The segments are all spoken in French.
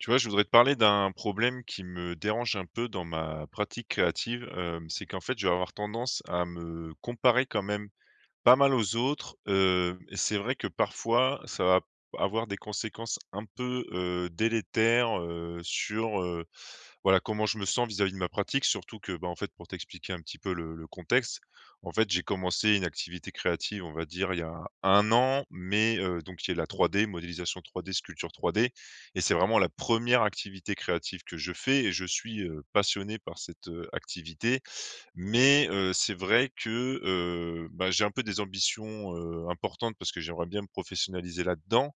Tu vois? Je voudrais te parler d'un problème qui me dérange un peu dans ma pratique créative. Hem, c'est qu'en fait je vais avoir tendance à me comparer quand même pas mal aux autres. Heu, et c'est vrai que parfois, ça va p avoir des conséquences un peu, heu, délétères, heu, sur, heu, voilà comment je me sens vis-à-vis de ma pratique. Surtout que, bah, en fait pour t'expliquer un petit peu le le contexte, en fait j'ai commencé une activité créative, on va dire, il y a 1 an mais, heu, donc qui est la 3D, modélisation 3D, sculpture 3D, et c'est vraiment la 1re activité créative que je fais, et je suis, heu, passionné par cette, heu, activité, mais, heu, c'est vrai que, heu, bah, j'ai un peu des ambitions, heu, importantes parce que j'aimerais bien me professionnaliser là-dedans,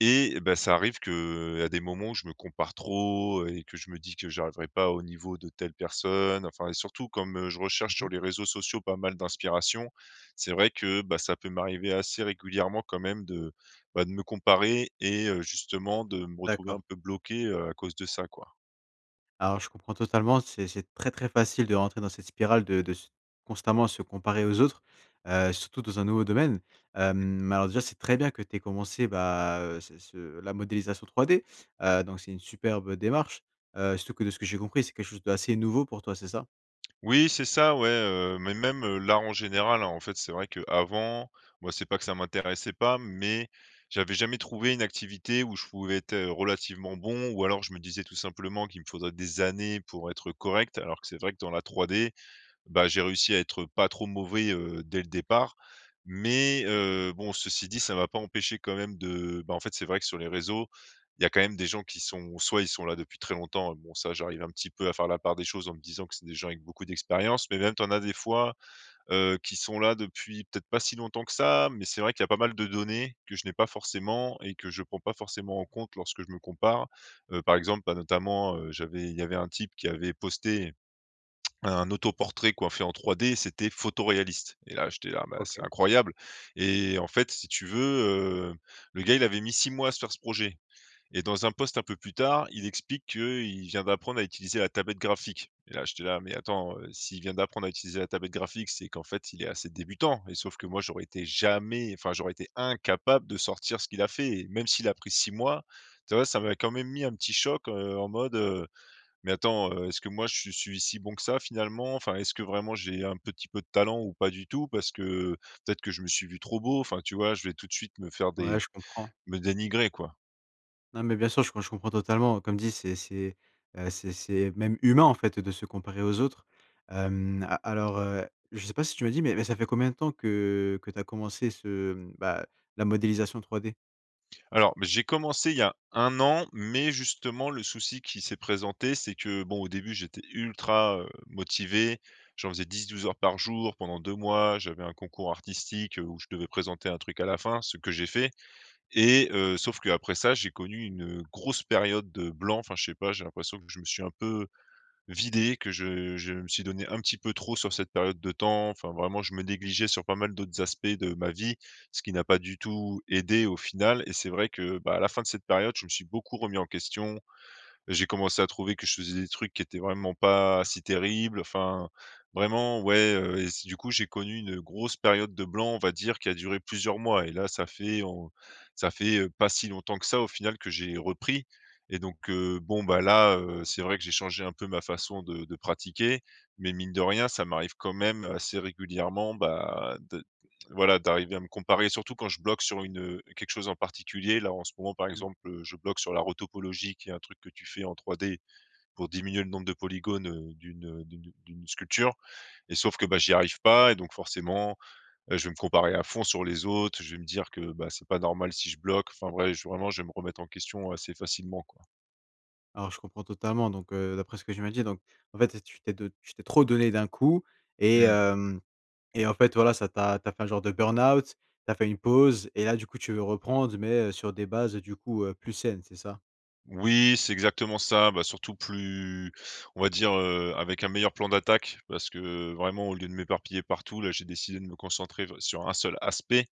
et, bah, ça arrive qu’à des moments, je me compare trop et que je me dis que j’arriverai pas au niveau de telle personne. Enfin, et surtout comme, heu, je Mmh recherche sur mh. les réseaux sociaux pas mal d'inspiration, c'est vrai que, bah, ça peut m'arriver assez régulièrement quand même de, bah, de me comparer et heu, justement, de me retrouver D'accord. un peu bloqué, heu, à cause de ça, quoi. Alors, je comprends totalement. C'est c’est très très facile de rentrer dans cette spirale, de de s constamment se comparer aux autres, heu, surtout dans un nouveau domaine. Hem, Mmh. mais alors, déjà, c’est très bien que tu aies commencé, bah, heu, ce ce la modélisation 3D. Heu, donc c'est une superbe démarche. Heu, surtout que, de ce que j'ai compris, c'est quelque chose d'assez nouveau pour toi, c'est ça? Oui, c'est ça, ouais, heu, mais même, heu, là en général, hein. En fait, c'est vrai qu'avant, moi, c'est pas que ça m'intéressait pas, mais j'avais jamais trouvé une activité où je pouvais êtes, heu, relativement bon, ou alors, je me disais tout simplement qu'il me faudrait des années pour être correct. Alors que c'est vrai que dans la 3D, bah, j'ai réussi à être pas trop mauvais, heu, dès le départ, mais, euh, bon, ceci dit, ça m'a pas empêché quand même de, bah, en fait, c'est vrai que sur les réseaux il y a quand même des gens qui sont ou soit ils sont là depuis très longtemps, et bon, ça, j'arrive un petit peu à faire la part des choses en me disant que c'est des gens avec beaucoup d'expérience, mais même, tu en as des fois, heu, qui sont là depuis peut-être pas si longtemps que ça, mais c'est vrai qu'il y a pas mal de données que je n'ai pas forcément, et que je prends pas forcément en compte lorsque je me compare. Heu, par exemple, bah, notamment, heu, j'avais il y avait un type qui avait posté un autoportrait quoi, fait en 3D, c'était photoréaliste, et là, j'étais là: «Bah, c'est OK. incroyable!», et en fait, si tu veux, heu, le gars, il avait mis 6 mois à se faire ce projet, et dans un post un peu plus tard, il explique qu'il vient d'apprendre à utiliser la tablette graphique. Là, j'étais là: «Mais attends, heu, s'il vient d'apprendre à utiliser la tablette graphique, c'est qu'en fait, il est assez débutant», et sauf que moi, j'aurais été jamais enfin j'aurais été incapable de sortir ce qu'il a fait! Et même s'il a pris 6 mois tu vois? Ça m'a quand même mis un petit choc, heu, en mode, heu: «mais attends, heu, est-ce que moi, je suis si bon que ça finalement? Enfin, est-ce que vraiment j'ai un petit peu de talent ou pas du tout? Parce que peut-être que je me suis vu trop beau?» Enfin, tu vois? Je vais tout de suite me faire Ouais, des je comprends. me dénigrer quoi. Non, mais bien sûr, je com je comprends totalement. Comme dit, c'est c'est, heu, c'est c’est même humain, en fait, de se comparer aux autres. Hem, a alors, heu, je sais pas si tu me l’as dit, mais mais ça fait combien de temps que que tu as commencé ce mmh, bah, la modélisation 3D? Alors, bah, j'ai commencé il y a 1 an, mais justement le souci qui s'est présenté, c'est que, bon, au début j'étais ultra, heu, motivé, j'en faisais 10-12 heures par jour pendant 2 mois. J'avais un concours artistique, heu, où je devais présenter un truc à la fin, ce que j'ai fait, et, heu, sauf qu'après ça, j'ai connu une grosse période de blanc. Enfin, je sais pas, j'ai l'impression que je me suis un peu vidé, que je je me suis donné un petit peu trop sur cette période de temps, enfin vraiment, je me négligeais sur pas mal d'autres aspects de ma vie, ce qui n'a pas du tout aidé au final, et c'est vrai que, bah, à la fin de cette période, je me suis beaucoup remis en question. J’ai commencé à trouver que je faisais des trucs qui étaient vraiment pas si terribles. Enfin, vraiment ouais, heu, et s du coup, j'ai connu une grosse période de blanc, on va dire, qui a duré plusieurs mois, et là ça fait en ça fait, heu, pas si longtemps que ça au final que j'ai repris et donc, heu, bon, bah, là, heu, c'est vrai que j'ai changé un peu ma façon de de pratiquer, mais mine de rien ça m'arrive quand même assez régulièrement, bah, d t voilà d'arriver à me comparer, surtout quand je bloque sur une, heu, quelque chose en particulier. Là en ce moment par Mmh. exemple, heu, je bloque sur la retopologie, qui est un truc que tu fais en 3D pour diminuer le nombre de polygones, heu, d'une, heu, d'une d’une sculpture, et sauf que, bah, j'y arrive pas et donc forcément, heu, je vais me comparer à fond sur les autres. Je vais me dire que, bah, c’est pas normal si je bloque, enfin ouais, j vraiment je vais me remettre en question assez facilement, quoi. Alors, je comprends totalement, donc, heu, d'après ce que tu m’as dit, donc, en fait, tu t'es de tu t'es trop donné d'un coup, et Mmh. hem, et en fait, voilà, ça t'a tu as fait un genre de burn out. Tu as fait une pause et là, du coup, tu veux reprendre, mais sur des bases, du coup, heu, plus saines. C'est ça? Oui, c'est exactement ça. Bah, surtout plus on va dire, heu, avec un meilleur plan d'attaque parce que vraiment, au lieu de m'éparpiller partout, là, j'ai décidé de me concentrer vr sur un seul aspect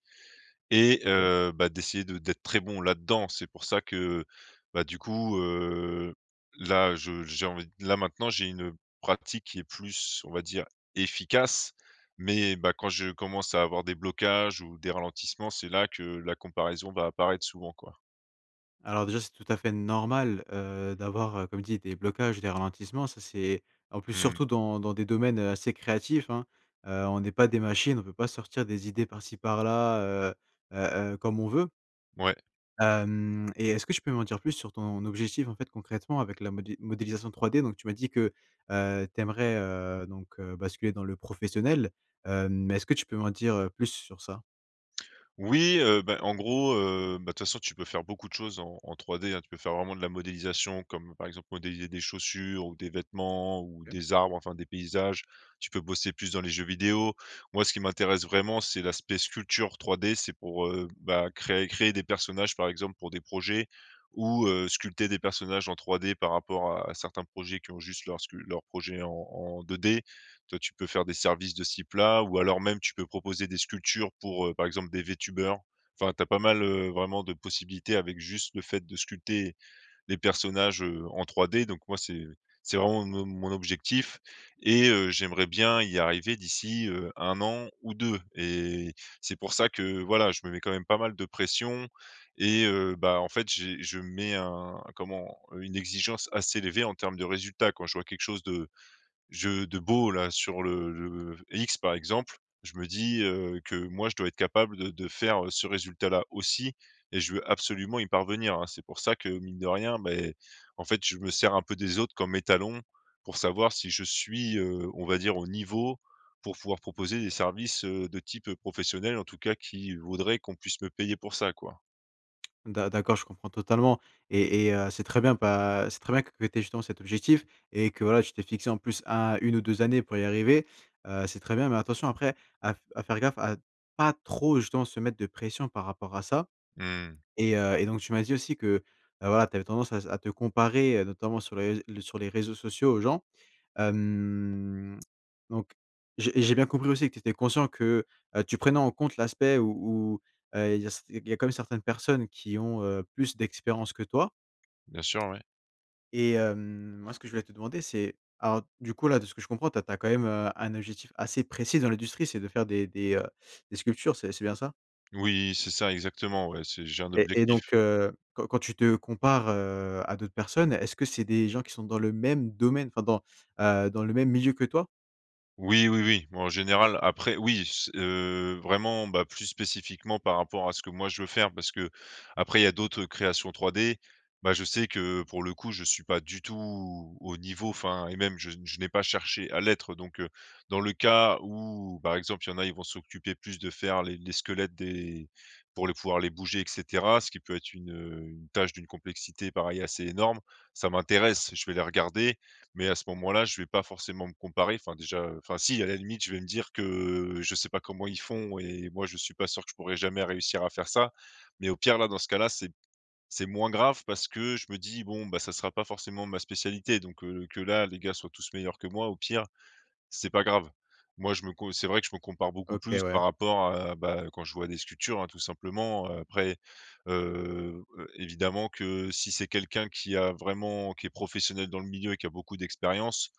et OK. heu, bah, d'essayer de d'être très bon là-dedans. C'est pour ça que, bah, du coup, heu, là, je j'ai envie, là, maintenant j'ai une pratique qui est plus, on va dire, efficace, mais, bah, quand je commence à avoir des blocages ou des ralentissements, c'est là que la comparaison va apparaître souvent, quoi. Alors, déjà, c'est tout à fait normal, heu, d'avoir, heu, comme je dis, des blocages, des ralentissements, ça c'est en plus, Mmh. surtout dans dans des domaines, heu, assez créatifs, hein? Heu, on est pas des machines. On peut pas sortir des idées par-ci par-là, heu, heu, heu, comme on veut. Ouais. Hem et est-ce que tu peux m'en dire plus sur ton objectif, en fait, concrètement, avec la modé modélisation 3D? Donc, tu m'as dit que, heu, tu aimerais, heu, donc, heu, basculer dans le professionnel. Heu, mais est-ce que tu peux m'en dire plus sur ça? Oui, heu, bah, en gros, heu, bah, de toute façon, tu peux faire beaucoup de choses en en 3D, hein. Tu peux faire vraiment de la modélisation, comme par exemple, modéliser des chaussures ou des vêtements ou OK. des arbres, enfin des paysages, tu peux bosser plus dans les jeux vidéo. Moi, ce qui m'intéresse vraiment, c'est l'aspect sculpture 3D, c'est pour, heu, bah, créer créer des personnages, par exemple, pour des projets ou, heu, sculpter des personnages en 3D par rapport à certains projets qui ont juste leurs scu leur projet en en 2D. Toi, tu peux faire des services de ce type là ou alors même tu peux proposer des sculptures pour, heu, par exemple des Vtubers. Enfin, tu as pas mal, heu, vraiment, de possibilités avec juste, le fait de sculpter les personnages, heu, en 3D. Donc moi, c'est c'est vraiment mon mon objectif et heu, j'aimerais bien y arriver d'ici, heu, 1 an ou 2 et c'est pour ça que, voilà, je me mets quand même pas mal de pression et heu, bah, en fait, j'ai je me mets un, comment, une exigence assez élevée en terme de résultats. Quand je vois quelque chose de je de beau, là, sur le le X, par exemple, je me dis, heu, que moi, je dois être capable de de faire ce résultat-là aussi et je veux absolument y parvenir, hein? C'est pour ça que, mine de rien beh, mais en fait, je me sers un peu des autres comme étalons pour savoir si je suis, heu, on va dire, au niveau pour pouvoir proposer des services, heu, de type, heu, professionnel, en tout cas qui voudraient qu'on puisse me payer pour ça, quoi. D'a d'accord. Je comprends totalement et et heu, c'est très bien, bah, c'est très bien que tu aies, justement, cet objectif et que, voilà, tu t’es fixé en plus à 1 ou 2 années pour y arriver, heu, c'est très bien. Mais attention, après, à f à faire gaffe à pas trop, justement, se mettre de pression par rapport à ça. Mmh. Et heu et donc, tu m'as dit aussi que, bah, voilà, tu avais tendance à à te comparer, heu, notamment sur les rés sur les réseaux sociaux, aux gens. Hem, donc, j'ai j'ai bien compris aussi que tu étais conscient que, heu, tu prenais en compte l'aspect où où, heu, il y a quand même certaines personnes qui ont, heu, plus d'expérience que toi Bien sûr, oui. et, hem, moi, ce que je voulais te demander, c'est alors, du coup, là, de ce que je comprends, tu as quand même un objectif assez précis dans l'industrie, c'est de faire des des, heu, des sculptures, c'est c'est bien ça? Oui, c'est ça, exactement, ouais, c'est j'ai un Et et et objectif. donc, heu, quand quand tu te compares, heu, à d'autres personnes, est-ce que c'est des gens qui sont dans le même domaine, enfin dans, heu, dans le même milieu que toi? Oui, oui, oui, en général. Après, oui, c heu, vraiment, bah, plus spécifiquement par rapport à ce que moi je veux faire, parce que, après, il y a d'autres créations 3D. Bah, je sais que, pour le coup, je suis pas du tout au niveau, enfin, et même je n je n'ai pas cherché à l'être. Donc, heu, dans le cas où, par exemple, il y en a, ils vont s'occuper plus de faire les les squelettes, des pour le pouvoir les bouger et cetera, ce qui peut être une, heu, une tâche d'une complexité, pareil, assez énorme. Ça m'intéresse, je vais les regarder. Mais, à ce moment là, je vais pas forcément me comparer, enfin déjà, enfin si, à la limite, je vais me dire que je sais pas comment ils font et moi, je suis pas sûr que je pourrais jamais réussir à faire ça. Mais, au pire, là, dans ce cas là, c'est c'est moins grave parce que je me dis: «Bon, bah, ça sera pas forcément ma spécialité», donc, heu, que là, les gars soient tous meilleurs que moi, au pire, c'est pas grave. Moi, je me co c'est vrai que je me compare beaucoup OK, plus ouais. par rapport à bah, quand je vois des sculptures, hein, tout simplement, heu. Après, heu, évidemment que si c'est quelqu'un qui a vraiment, qui est professionnel dans le milieu, qui a beaucoup d'expérience,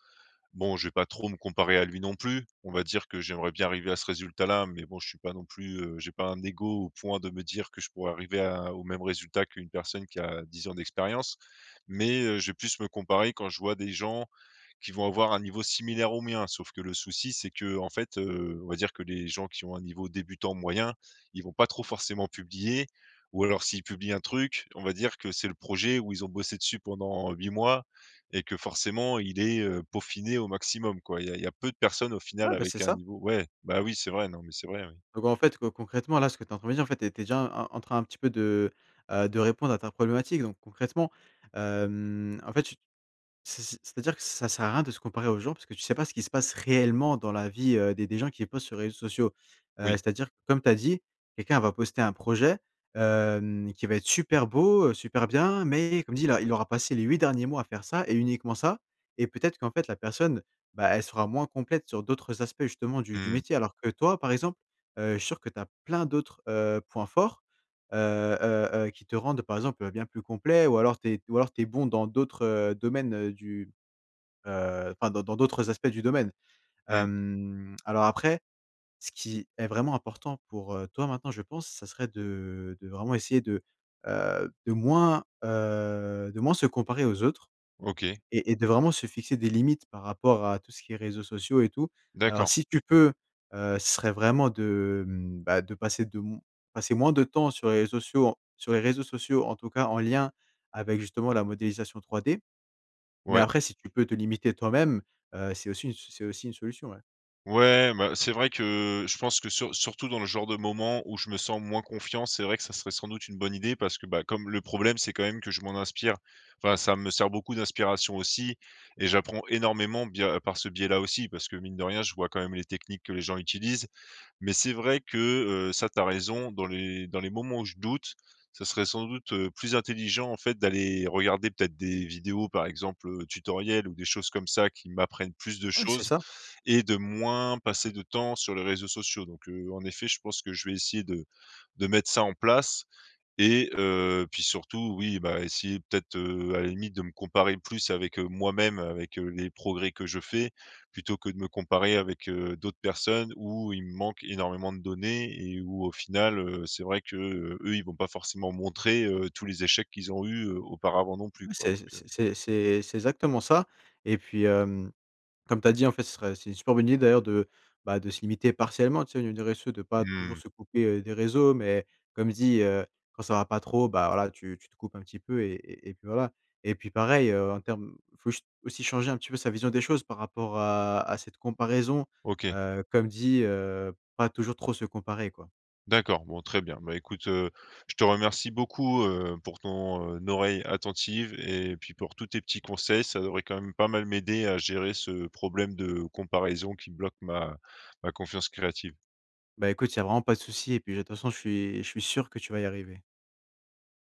bon, je vais pas trop me comparer à lui non plus. On va dire que j'aimerais bien arriver à ce résultat-là, mais bon, je suis pas non plus heu, j'ai pas un ego au point de me dire que je pourrais arriver à au même résultat qu'une personne qui a 10 ans d'expérience. Mais, heu, je vais plus me comparer quand je vois des gens qui vont avoir un niveau similaire au mien. Sauf que le souci, c'est que, en fait, heu, on va dire que les gens qui ont un niveau débutant moyen, ils vont pas trop forcément publier. Ou alors, s'ils publient un truc, on va dire que c'est le projet où ils ont bossé dessus pendant 8 mois et que forcément il est, heu, peaufiné au maximum, quoi. Il y a il y a peu de personnes, au final, Ouais, bah, c'est avec un ça. niveau Ouais, bah, oui c'est vrai, non, mais c'est vrai, oui. Donc, en fait, heu, concrètement, là, ce que tu as en train de dire, en fait, tu es tu es déjà en train, un petit peu, de, heu, de répondre à ta problématique. Donc, concrètement, hem, en fait, tu c'est c'est c'est-à-dire que ça sert à rien de se comparer aux gens parce que tu sais pas ce qui se passe réellement dans la vie, heu, des des gens qui postent sur les réseaux sociaux. Heu, Oui. c'est à dire, comme tu as dit, quelqu'un va poster un projet, hem, qui va être super beau, heu, super bien, mais comme je dis, là, il aura passé les 8 derniers mois à faire ça et uniquement ça. Et peut-être qu'en fait, la personne, bah, elle sera moins complète sur d'autres aspects, justement, du du Mmh. métier. Alors que toi, par exemple, heu, je suis sûr que tu as plein d'autres, heu, points forts, heu, heu, heu, qui te rendent, par exemple, bien plus complet. Ou alors, tu es ou alors tu es bon dans d'autres, heu, domaines, heu, du heu, enfin, dans dans d'autres aspects du domaine. Mmh. Hem, alors, après, ce qui est vraiment important pour, heu, toi maintenant, je pense, ça serait de de vraiment essayer de, heu, de moins, heu, de moins se comparer aux autres, OK. et et de vraiment se fixer des limites, par rapport à tout ce qui est réseaux sociaux, et tout. Alors D'accord. si tu peux, heu, ce serait vraiment de, hem, bah, de passer de m passer moins de temps sur les ré sociaux sur les réseaux sociaux, en tout cas en lien avec, justement, la modélisation 3D. Mais Ouais. après, si tu peux te limiter toi-même, heu, c'est aussi une c'est aussi une solution, ouais. Ouais, bah, c'est vrai que je pense que, sur surtout dans le genre de moment où je me sens moins confiant, c'est vrai que ça serait sans doute une bonne idée, parce que, bah, comme le problème, c'est quand même que je m'en inspire, enfin, ça me sert beaucoup d'inspiration aussi, et j'apprends énormément bia par ce biais-là aussi. Parce que, mine de rien, je vois quand même les techniques que les gens utilisent. Mais c'est vrai que, heu, ça, tu as raison, dans les dans les moments où je doute, ça serait sans doute, heu, plus intelligent, en fait, d'aller regarder peut-être des vidéos, par exemple, heu, tutoriel ou des choses comme ça qui m'apprennent plus de Ouais, c'est choses ça. et de moins passer de temps sur les réseaux sociaux. Donc, heu, en effet, je pense que je vais essayer de-de mettre ça en place et heu, puis surtout, oui, bah, essayer peut-être, heu, à la limite, de me comparer plus avec, heu, moi-même, avec, heu, les progrès que je fais plutôt que de me comparer avec, heu, d'autres personnes où il me manque énormément de données et où, au final, heu, c'est vrai que eux, ils vont pas forcément montrer, heu, tous les échecs qu'ils ont eu auparavant non plus, Oui, quoi, c'est donc, heu c'est c'est c'est exactement ça. Et puis, hem, comme tu as dit, en fait, ce serait c'est une super bonne idée d'ailleurs, de, bah, de se limiter partiellement, tu sais, au niveau des réseaux sociaux, de pas toujours Mmh. se couper des réseaux. Mais comme je dis, heu, quand ça va pas trop, bah, voilà, tu te coupes un petit peu et et et puis, voilà. Et puis, pareil, heu, en terme faut aussi changer un petit peu sa vision des choses par rapport à à cette comparaison. OK. Heu, comme je dis, heu, pas toujours trop se comparer quoi. D'accord, bon, très bien. Bah, écoute, heu, je te remercie beaucoup, heu, pour ton, heu, oreille attentive et puis pour tous tes petits conseils, ça devrait quand même pas mal m'aider à gérer ce problème de comparaison qui bloque ma ma confiance créative. Bah, écoute, il y a vraiment pas de souci et puis, de toute façon, je suis je suis sûr que tu vas y arriver.